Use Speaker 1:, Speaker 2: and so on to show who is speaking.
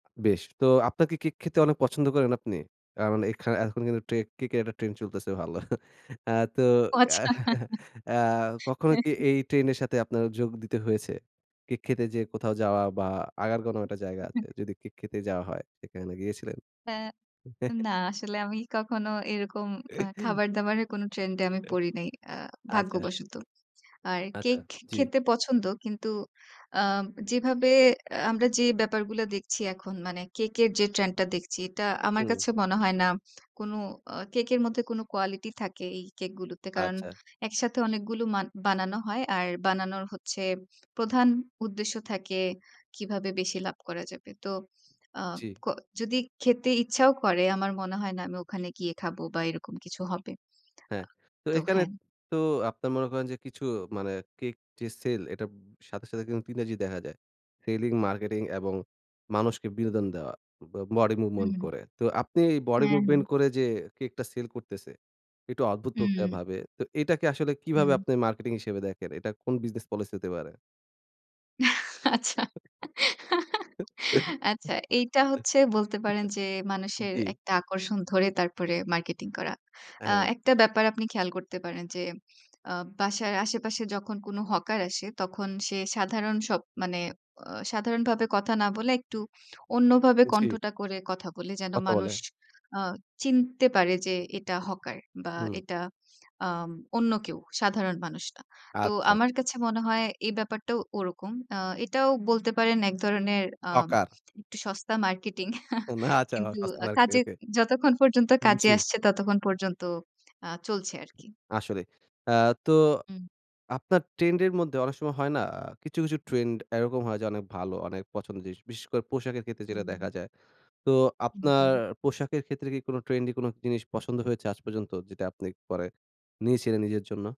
Speaker 1: বেশ! তো আপনা কি কেক খেতে অনেক পছন্দ করেন আপনি? আ মানে এখানে এখন কিন্তু ট্রে কেক এর একটা ট্রেন্ড চলতেছে ভালো। আ তো
Speaker 2: ও আচ্ছা।
Speaker 1: আ কখনো
Speaker 2: হ্যাঁ,
Speaker 1: কি
Speaker 2: হ্যাঁ।
Speaker 1: এই ট্রেন্ডের সাথে আপনার যোগ দিতে হয়েছে? কেক খেতে যে কোথাও যাওয়া বা আগার কোনো একটা জায়গা আছে,
Speaker 2: [unintelligible]
Speaker 1: যদি কেক খেতে যাওয়া হয় সেখানে গিয়েছিলেন?
Speaker 2: এ না, আসলে আমি কখনো এরকম আ খাবার-দাবারের কোনো ট্রেন্ড এ আমি পড়ি নাই, আ
Speaker 1: আচ্ছা।
Speaker 2: ভাগ্যবশত। আর
Speaker 1: আচ্ছা,
Speaker 2: কেক খে
Speaker 1: জি।
Speaker 2: খেতে পছন্দ, কিন্তু আ যেভাবে আমরা যে ব্যাপারগুলা দেখছি এখন, মানে কেকের যে ট্রেন্ডটা দেখছি, এটা আমার
Speaker 1: হুম।
Speaker 2: কাছে মনে হয় না কোনো আ কেকের মধ্যে কোনো কোয়ালিটি থাকে। এই কেক গুলিতে কারণ
Speaker 1: আচ্ছা।
Speaker 2: একসাথে অনেকগুলো মা বানানো হয়, আর বানানোর হচ্ছে প্রধান উদ্দেশ্য থাকে কীভাবে বেশি লাভ করা যাবে। তো আ
Speaker 1: জি।
Speaker 2: ক যদি খেতে ইচ্ছাও করে আমার মনে হয় না আমি ওখানে গিয়ে খাবো বা এরকম কিছু হবে। আ
Speaker 1: হ্যাঁ, তো
Speaker 2: তো
Speaker 1: এখানে
Speaker 2: হ্যাঁ।
Speaker 1: তো আপনার মনে করেন যে কিছু মানে কেক যে সেল, এটার ব সাথে, সাথে কিন্তু ৩ টা জি দেখা যায়। সেলিং, মার্কেটিং এবং মানুষকে বিনোদন দেওয়া, ব বডি মুভমেন্ট
Speaker 2: হুম।
Speaker 1: করে। তো আপনি বডি
Speaker 2: হ্যাঁ, হ্যাঁ।
Speaker 1: মুভমেন্ট করে যে কেকটা সেল করতেছে একটু অদ্ভুত প্রক্রিয়া
Speaker 2: উ
Speaker 1: ভাবে, তো এটাকে আসলে কীভাবে
Speaker 2: হুম।
Speaker 1: আপনি মার্কেটিং হিসেবে দেখেন? এটা কোন বিজনেস পলিসি হতে পারে?
Speaker 2: আচ্ছা, আচ্ছা, এইটা হচ্ছে বলতে পারেন যে মানুষের
Speaker 1: জি।
Speaker 2: একটা আকর্ষণ ধরে তারপরে মার্কেটিং করা।
Speaker 1: আ
Speaker 2: আ
Speaker 1: হ্যাঁ।
Speaker 2: একটা ব্যাপার আপনি খেয়াল করতে পারেন, যে আ বাসার আশেপাশে যখন কোনো হকার আসে, তখন সে সাধারণ সব মানে অ সাধারণ ভাবে কথা না বলে একটু অন্যভাবে
Speaker 1: জি।
Speaker 2: কণ্ঠটা করে কথা বলে যেন
Speaker 1: কথা বলে।
Speaker 2: মানুষ আ চিনতে পারে যে এটা হকার বা
Speaker 1: হুম।
Speaker 2: এটা আম অন্য কেউ সাধারণ মানুষ না। তো
Speaker 1: আচ্ছা।
Speaker 2: আমার কাছে মনে হয় এই ব্যাপারটাও ওরকম। আ এটাও বলতে পারেন এক ধরনের আ
Speaker 1: হকার।
Speaker 2: একটু সস্তা মার্কেটিং,
Speaker 1: না চাওয়া।
Speaker 2: কিন্তু আ কাজে
Speaker 1: [unintelligible]
Speaker 2: যতক্ষণ পর্যন্ত কাজে
Speaker 1: জি।
Speaker 2: আসছে ততক্ষণ পর্যন্ত আ চলছে আরকি।
Speaker 1: আসলে আ তো
Speaker 2: উম
Speaker 1: আপনার ট্রেন্ডের মধ্যে অনেক সময় হয় না, কিছু, কিছু ট্রেন্ড এরকম হয় যে অনেক ভালো, অনেক পছন্দের জিনিস। বিশেষ করে পোশাকের ক্ষেত্রে যেটা
Speaker 2: হুম।
Speaker 1: দেখা যায়। তো
Speaker 2: উ
Speaker 1: আপনার
Speaker 2: হু।
Speaker 1: পোশাকের ক্ষেত্রে কি কোনো ট্রেন্ডি কোনো জিনিস পছন্দ হয়েছে আজ পর্যন্ত, যেটা আপনি পরে নিয়েছিলেন নিজের জন্য?